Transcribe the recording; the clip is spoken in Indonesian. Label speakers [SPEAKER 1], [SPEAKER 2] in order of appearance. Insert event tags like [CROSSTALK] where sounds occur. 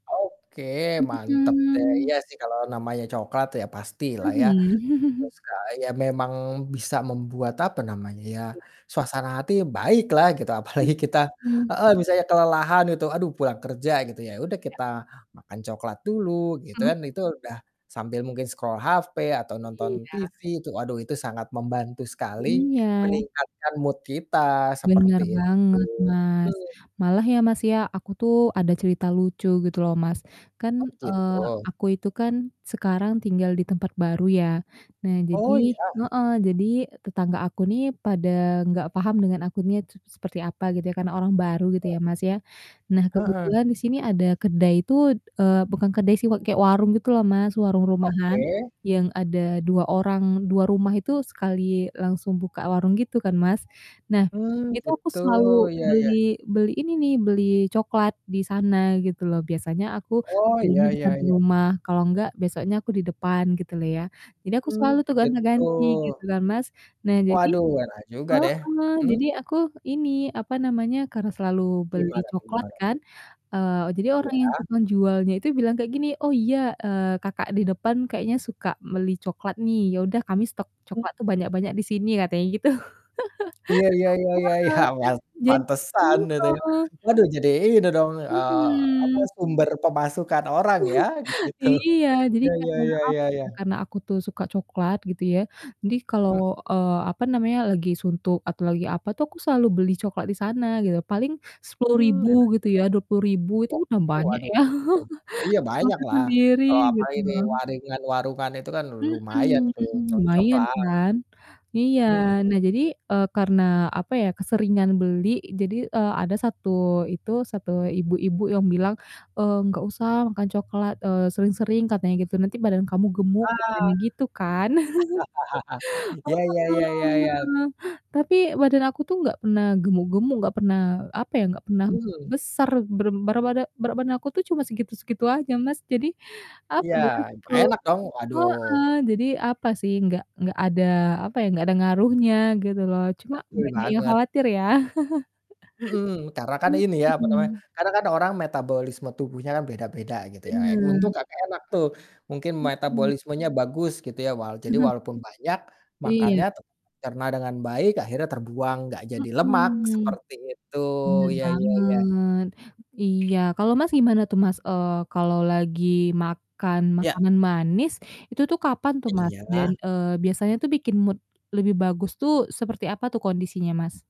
[SPEAKER 1] Oke, mantap deh,
[SPEAKER 2] Mhm.
[SPEAKER 1] iya sih kalau namanya coklat ya
[SPEAKER 2] Oh
[SPEAKER 1] pastilah ya,
[SPEAKER 2] iya?
[SPEAKER 1] kalau
[SPEAKER 2] [CHUCKLES]
[SPEAKER 1] suka ya memang bisa membuat, apa namanya ya,
[SPEAKER 2] Iya.
[SPEAKER 1] suasana hati baik lah gitu apalagi kita
[SPEAKER 2] Mhm.
[SPEAKER 1] heeh, misalnya kelelahan itu aduh pulang kerja gitu, ya udah
[SPEAKER 2] Iya.
[SPEAKER 1] kita makan coklat dulu gitu
[SPEAKER 2] Hmm.
[SPEAKER 1] kan, itu udah sambil mungkin scroll HP atau nonton
[SPEAKER 2] Iya.
[SPEAKER 1] TV, itu aduh itu sangat membantu sekali
[SPEAKER 2] Iya.
[SPEAKER 1] meningkatkan mood kita,
[SPEAKER 2] Bener
[SPEAKER 1] seperti itu,
[SPEAKER 2] banget, Mas,
[SPEAKER 1] betul.
[SPEAKER 2] malah ya, Mas, ya, aku tuh ada cerita lucu gitu loh, Mas,
[SPEAKER 1] Oh,
[SPEAKER 2] kan, eee,
[SPEAKER 1] gitu?
[SPEAKER 2] aku itu kan sekarang tinggal di tempat baru ya. Nah jadi
[SPEAKER 1] Oh, iya?
[SPEAKER 2] heeh, jadi tetangga aku nih pada nggak paham dengan akunya tuh s seperti apa gitu ya karena orang baru gitu
[SPEAKER 1] Oh.
[SPEAKER 2] ya, Mas, ya. Nah,
[SPEAKER 1] Heeh.
[SPEAKER 2] kebetulan di sini ada kedai itu, eee, bukan kedai sih wak kayak warung gitu loh, Mas, warung rumahan
[SPEAKER 1] Oke.
[SPEAKER 2] yang ada 2 orang 2 rumah itu sekali langsung buka warung gitu kan, Mas. Nah,
[SPEAKER 1] Mmm,
[SPEAKER 2] itu aku
[SPEAKER 1] gitu,
[SPEAKER 2] selalu
[SPEAKER 1] iya iya.
[SPEAKER 2] beli beli ini nih, beli cokelat di sana gitu loh, biasanya aku
[SPEAKER 1] Oh, iya
[SPEAKER 2] belinya di
[SPEAKER 1] iya
[SPEAKER 2] samping
[SPEAKER 1] iya.
[SPEAKER 2] rumah, kalau enggak besoknya aku di depan, gitu loh ya. Jadi aku
[SPEAKER 1] Mmm,
[SPEAKER 2] selalu tuh
[SPEAKER 1] gitu.
[SPEAKER 2] gonti-ganti gitu kan, Mas, nah jadi
[SPEAKER 1] Waduh, enak juga deh,
[SPEAKER 2] heeh,
[SPEAKER 1] mhm.
[SPEAKER 2] jadi aku ini, apa namanya, karena selalu beli
[SPEAKER 1] Gimana tuh
[SPEAKER 2] coklat
[SPEAKER 1] gimana tuh?
[SPEAKER 2] kan, eee, jadi orang yang
[SPEAKER 1] Iya.
[SPEAKER 2] tukang jualnya itu bilang kayak gini, "Oh iya," eee, "kakak di depan kayaknya suka beli coklat nih, ya udah kami stok
[SPEAKER 1] Mhm.
[SPEAKER 2] coklat tuh banyak-banyak di sini," katanya gitu,
[SPEAKER 1] Iya iya iya iya iya, pan
[SPEAKER 2] [LAUGHS] heeh, jad
[SPEAKER 1] pantesan gitu ya,
[SPEAKER 2] iya.
[SPEAKER 1] waduh jadi ini dong, eee, apa,
[SPEAKER 2] Mhm.
[SPEAKER 1] sumber pemasukan orang ya
[SPEAKER 2] [CHUCKLES]
[SPEAKER 1] gitu,
[SPEAKER 2] Iya, jadi
[SPEAKER 1] ya ya
[SPEAKER 2] karena,
[SPEAKER 1] ya ya
[SPEAKER 2] apa
[SPEAKER 1] ya.
[SPEAKER 2] ya, karena aku tuh suka coklat gitu ya, jadi kalau,
[SPEAKER 1] Mhm.
[SPEAKER 2] eee, apa namanya, lagi suntuk atau lagi apa tuh aku selalu beli coklat di sana gitu, paling sepuluh
[SPEAKER 1] Mmm,
[SPEAKER 2] ribu
[SPEAKER 1] enak juga
[SPEAKER 2] gitu ya, Rp20.000 itu
[SPEAKER 1] sih.
[SPEAKER 2] udah
[SPEAKER 1] Oke,
[SPEAKER 2] banyak
[SPEAKER 1] waduh
[SPEAKER 2] ya,
[SPEAKER 1] mantap tuh. Iya
[SPEAKER 2] [LAUGHS] makan
[SPEAKER 1] banyaklah,
[SPEAKER 2] sendiri
[SPEAKER 1] kalau
[SPEAKER 2] gitu
[SPEAKER 1] apalagi di
[SPEAKER 2] loh.
[SPEAKER 1] waringan warungan itu kan lumayan
[SPEAKER 2] Mhm,
[SPEAKER 1] tuh
[SPEAKER 2] lumayan
[SPEAKER 1] cocoklah.
[SPEAKER 2] kan, iya.
[SPEAKER 1] Mhm.
[SPEAKER 2] Nah jadi, eee, karena, apa ya, keseringan beli jadi, eee, ada 1 itu, 1 ibu-ibu yang bilang, eee, "Nggak usah makan coklat, eee, sering-sering," katanya gitu, "nanti badan kamu
[SPEAKER 1] Ah,
[SPEAKER 2] gemuk," katanya gitu kan.
[SPEAKER 1] [LAUGHS]
[SPEAKER 2] [LAUGHS]
[SPEAKER 1] iya iya iya iya iya.
[SPEAKER 2] heeh, tapi badan aku tuh nggak pernah gemuk-gemuk, nggak pernah, apa ya, nggak pernah
[SPEAKER 1] Mmm.
[SPEAKER 2] besar berem barabada berat badan aku tuh cuma segitu-segitu aja, Mas, jadi, apa
[SPEAKER 1] Iya,
[SPEAKER 2] ya, terlalu
[SPEAKER 1] enak dong, waduh.
[SPEAKER 2] heeh, jadi apa sih, nggak nggak ada, apa ya, nggak ada ngaruhnya gitu loh, cuma
[SPEAKER 1] Betul
[SPEAKER 2] banyak yang
[SPEAKER 1] banget.
[SPEAKER 2] khawatir ya,
[SPEAKER 1] Mhm, karena kan
[SPEAKER 2] [CHUCKLES]
[SPEAKER 1] ini ya, apa namanya,
[SPEAKER 2] mhm.
[SPEAKER 1] kadang kan orang metabolisme tubuhnya kan beda-beda gitu ya, e untung
[SPEAKER 2] Bener.
[SPEAKER 1] Kakak enak tuh, mungkin
[SPEAKER 2] Mhm.
[SPEAKER 1] metabolismenya bagus gitu ya walau jadi
[SPEAKER 2] [UNINTELLIGIBLE]
[SPEAKER 1] walaupun banyak
[SPEAKER 2] Iya.
[SPEAKER 1] makannya tetap tercerna dengan baik, akhirnya terbuang, gak jadi lemak,
[SPEAKER 2] Mhm,
[SPEAKER 1] seperti itu,
[SPEAKER 2] bener
[SPEAKER 1] iya iya iya.
[SPEAKER 2] banget, iya. Kalau Mas gimana tuh Mas, eee, kalau lagi makan
[SPEAKER 1] Iya.
[SPEAKER 2] makanan manis, itu tuh kapan tuh, Mas? Dan,
[SPEAKER 1] Iya.
[SPEAKER 2] eee, biasanya tuh bikin mood lebih bagus tuh seperti apa tuh kondisinya, Mas?